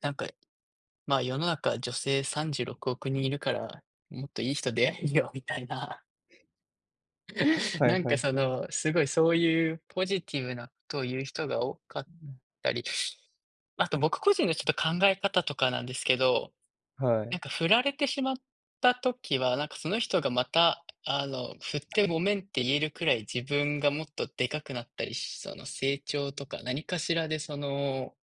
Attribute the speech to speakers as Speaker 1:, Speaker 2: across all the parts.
Speaker 1: なんか、いまあ、世の中女性36億人いるから、もっといい人出会えるよみたいな。
Speaker 2: はい
Speaker 1: なん
Speaker 2: は
Speaker 1: か
Speaker 2: い
Speaker 1: そ
Speaker 2: はい。
Speaker 1: の、すごいそういうポジティブなことを言う人が多かっ
Speaker 2: うん。
Speaker 1: たり、あと僕個人のちょっと考え方とかなんですけど、
Speaker 2: は
Speaker 1: な
Speaker 2: い。
Speaker 1: んか振られてしまった時はなんかその人がまたあの、振ってごめんって言えるくらい自分がもっとでかくなったりし、その成長とか何かしらでその、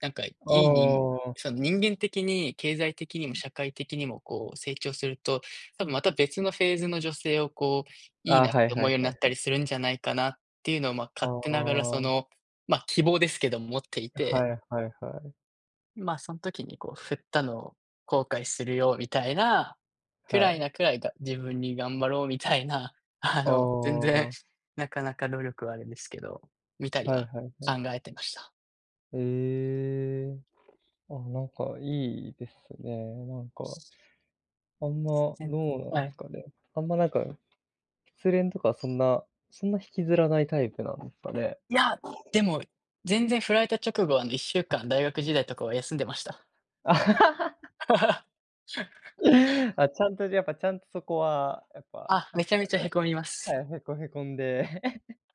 Speaker 1: なんかい
Speaker 2: ああ
Speaker 1: いにん
Speaker 2: ああああ。
Speaker 1: その人間的に経済的に
Speaker 2: う
Speaker 1: も
Speaker 2: ん。
Speaker 1: 社会的にもこう成長すると、多分また別のフェーズの女性をこう、いい
Speaker 2: ああ、
Speaker 1: なっ
Speaker 2: はい
Speaker 1: て
Speaker 2: は
Speaker 1: 思うよ
Speaker 2: い、
Speaker 1: うに
Speaker 2: は
Speaker 1: な
Speaker 2: い、
Speaker 1: っ
Speaker 2: は
Speaker 1: た
Speaker 2: い。
Speaker 1: りするんじゃないかなっていうのをまあ、
Speaker 2: あ
Speaker 1: 勝
Speaker 2: あ
Speaker 1: 手ながら
Speaker 2: あ
Speaker 1: そ
Speaker 2: ああ。
Speaker 1: の、まあ、希望ですけども持っていて
Speaker 2: はいはいはい。
Speaker 1: ま、そん時にこう振ったのを後悔するよみたい、く
Speaker 2: は
Speaker 1: らい
Speaker 2: い。
Speaker 1: なくらいが自分に頑張ろうみたいな、あ
Speaker 2: あ
Speaker 1: の、全然、
Speaker 2: あ。
Speaker 1: なかなか努力はあるんですけど、みたり
Speaker 2: はい
Speaker 1: は、
Speaker 2: はいは
Speaker 1: 考
Speaker 2: い。
Speaker 1: えてました。
Speaker 2: ええ、あ、なんかいいですね、なんかあんまど
Speaker 1: [unintelligible]
Speaker 2: うなん
Speaker 1: は
Speaker 2: です
Speaker 1: い。
Speaker 2: かね。あんまなんか、失恋とかそんなそんな引きずらないタイプなんですかね。
Speaker 1: いや、でも、全然フラれた直後はあの、1週間
Speaker 2: あ。
Speaker 1: 大学時代とかは休んでました。
Speaker 2: あ、ちゃんとやっぱちゃんとそこは、やっぱ。
Speaker 1: あ、め
Speaker 2: [unintelligible]
Speaker 1: ちゃめちゃへこみま
Speaker 2: は
Speaker 1: す。
Speaker 2: い、へこへこんで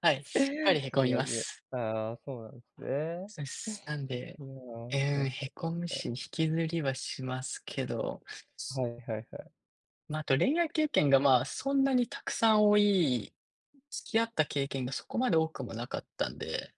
Speaker 1: はい、しっかり
Speaker 2: ち
Speaker 1: へ
Speaker 2: ょっ
Speaker 1: こみます。
Speaker 2: と [unintelligible] ああ、そうなんですね。
Speaker 1: そうっす。なんで、
Speaker 2: いや、は
Speaker 1: え
Speaker 2: いはいは
Speaker 1: え、
Speaker 2: い
Speaker 1: へこむ
Speaker 2: はい。
Speaker 1: し、引きずりはしますけど。す
Speaker 2: はいはいはい。
Speaker 1: ま、あと恋愛経験がまそんなにたくさん多い付き合った経験がそこまで多くもなかったんで